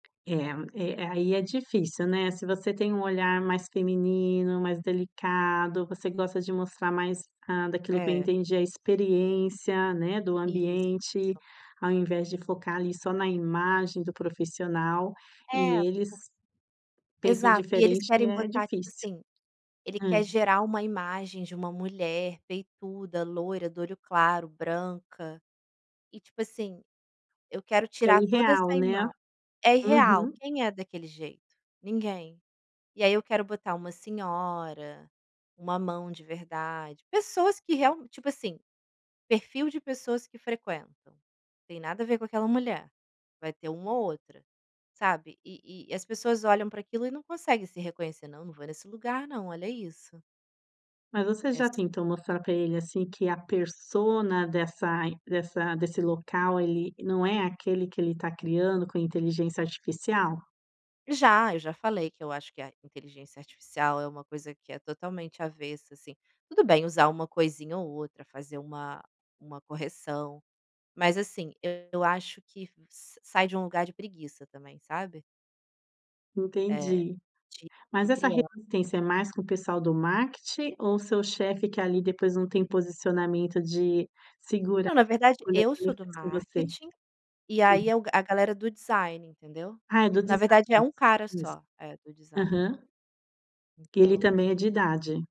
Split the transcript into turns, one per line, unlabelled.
É, e aí é difícil, né, se você tem um olhar mais feminino, mais delicado, você gosta de mostrar mais, hã, daquilo que eu
É.
entendi, a experiência, né, do ambiente,
Isso.
ao invés de focar ali só na imagem do profissional,
É,
e
por
eles pensam
exato. E eles
diferente e
querem
é
botar tipo
difícil.
assim, ele
Hã.
quer gerar uma imagem de uma mulher peituda, loira, do olho claro, branca. E tipo assim, eu quero
Que é
tirar toda
irreal,
essa
né.
imagem. É irreal,
Uhum.
quem é daquele jeito? Ninguém. E aí eu quero botar uma senhora, uma mão de verdade, pessoas que real tipo assim, perfil de pessoas que frequentam: tem nada a ver com aquela mulher. Vai ter uma ou outra, sabe? E e as pessoas olham para aquilo e não consegue se reconhecer, "não não vou nesse lugar não, olha isso".
Mas você
É
já
ass
tentou mostrar para ele, assim, que a persona dessa dessa desse local, ele não é aquele que ele está criando com inteligência artificial?
Já. Eu já falei que eu acho que a inteligência artificial é uma coisa que é totalmente avessa assim, tudo bem usar uma coisinha ou outra, fazer uma uma correção. Mas assim, eu acho que sa sai de um lugar de preguiça também, sabe? É.
Entendi.
De
Mas
de
essa
crian
resistência é mais com o pessoal do marketing, ou seu chefe que ali depois não tem posicionamento de segurar
Não, na
a
verdade
escolha
eu
que
sou
ele
do
fez com você?
marketing, e
Hum.
aí é o a galera do design, entendeu?
Ah, é do
Na
design
verdade é um cara
isso.
só. É, do design.
Aham. Ele também
Então.
é de idade.